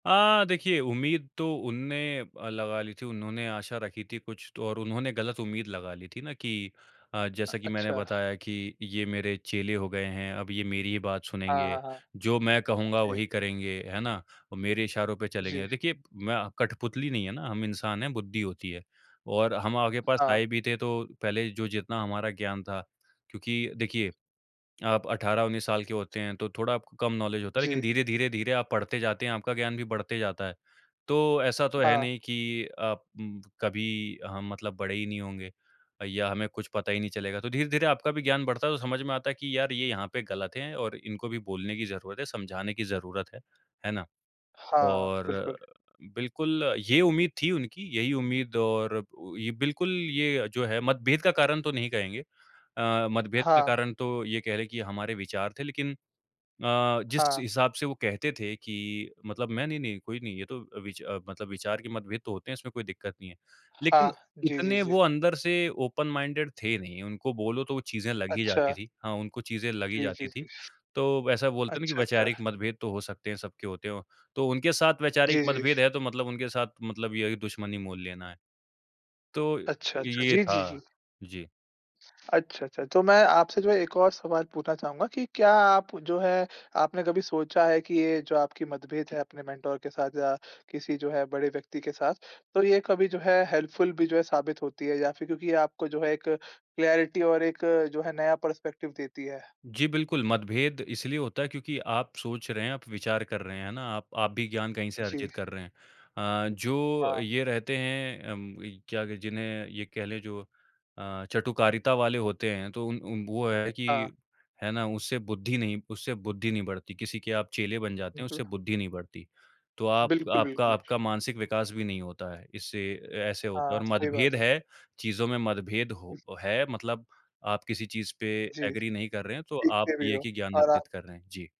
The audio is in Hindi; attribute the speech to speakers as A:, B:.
A: अ, देखिए, उम्मीद तो उनने अ, लगा ली थी। उन्होंने आशा रखी थी कुछ तो और उन्होंने ग़लत उम्मीद लगा ली थी ना कि अ,
B: अ,
A: जैसा कि मैंने
B: अच्छा।
A: बताया कि ये मेरे चेले हो गए हैं अब ये मेरी बात
B: हाँ,
A: सुनेंगे।
B: हाँ, हाँ।
A: जो मैं कहूँगा
B: जी।
A: वही करेंगे है ना और मेरे इशारों पे
B: जी।
A: चलेंगे। देखिए, मैं कठपुतली नहीं है ना हम इंसान हैं, बुद्धि होती है और हम आपके पास
B: हाँ।
A: आए भी थे तो पहले जो जितना हमारा ज्ञान था। क्योंकि देखिए, आप 18-19 साल के होते हैं तो थोड़ा आपको कम नॉलेज होता है लेकिन
B: जी।
A: धीरे-धीरे, धीरे आप पढ़ते जाते हैं, आपका ज्ञान भी बढ़ते जाता है। तो ऐसा तो है
B: हाँ।
A: नहीं कि आप कभी हम मतलब बड़े ही नहीं होंगे या हमें कुछ पता ही नहीं चलेगा। तो धीरे-धीरे आपका भी ज्ञान बढ़ता है तो समझ में आता है कि यार ये यहाँ पे ग़लत है और इनको भी बोलने की ज़रूरत है, समझाने की ज़रूरत है। है ना?
B: हाँ,
A: और
B: बिल्कुल।
A: बिल्कुल ये उम्मीद थी उनकी यही उम्मीद और ये बिल्कुल ये जो है मतभेद का कारण तो नहीं कहेंगे। अ, मतभेद का
B: हाँ।
A: कारण तो ये कहलें कि हमारे विचार थे लेकिन अ, जिस
B: हाँ।
A: हिसाब से वो कहते थे कि मतलब मैं नहीं-नहीं कोई नहीं ये तो विच मतलब विचार के मतभेद तो होते हैं इसमें कोई दिक़्क़त नहीं है। लेकिन
B: हाँ। जी, जी,
A: इतने
B: जी।
A: वो अंदर से ओपन माइंडेड थे नहीं। उनको बोलो तो वो चीज़ें लग ही
B: अच्छा।
A: जाती थीं हाँ, उनको चीज़ें लग ही
B: जी, जी,
A: जाती थीं।
B: जी।
A: तो वैसा बोलते हैं ना कि
B: अच्छा, अच्छा।
A: वैचारिक मतभेद तो हो सकते हैं सब होते हैं। तो उनके साथ वैचारिक
B: जी, जी।
A: मतभेद है तो मतलब उनके साथ मतलब ये दुश्मनी मोल लेना है। तो
B: अच्छा, अच्छा।
A: ये
B: जी,
A: था
B: जी, जी।
A: जी।
B: अच्छा, अच्छा, अच्छा। तो मैं आपसे जो है एक और सवाल पूछना चाहूँगा कि क्या आप जो है आपने कभी सोचा है कि ये जो आपकी मतभेद है अपने मेंटर के साथ या किसी जो है बड़े व्यक्ति के साथ। तो ये कभी जो है हेल्पफुल भी जो है साबित होती है या फ़िर क्योंकि ये आपको जो है एक क्लैरिटी और एक जो है नया पर्सपेक्टिव देती है।
A: जी, बिल्कुल। मतभेद इसलिए होता है क्योंकि आप सोच रहे हैं, आप विचार कर रहे हैं, है ना? आप आप भी ज्ञान कहीं से
B: जी।
A: अर्जित कर रहे हैं। अ, जो
B: हाँ।
A: ये रहते हैं उम, कह लें जिन्हें ये कहलें जो अ, चटुकारिता वाले होते हैं तो उन उ वो है कि
B: हाँ।
A: है ना उससे बुद्धि नहीं उससे बुद्धि नहीं बढ़ती। किसी के आप चेले बन जाते हैं,
B: उहुँ।
A: उससे बुद्धि नहीं बढ़ती। तो आप
B: बिल्कुल,
A: आपका
B: बिल्कुल।
A: आपका मानसिक विकास भी नहीं होता है। इससे ऐसे होता है
B: हाँ,
A: और
B: सही
A: मतभेद
B: बात है।
A: है चीज़ों में मतभेद हो है मतलब आप किसी चीज़ पे
B: जी।
A: एग्री नहीं कर रहे हैं तो आप
B: सीखते भी
A: ये
B: हो
A: ही ज्ञान
B: और
A: अर्जित
B: आप
A: कर रहे हैं। जी।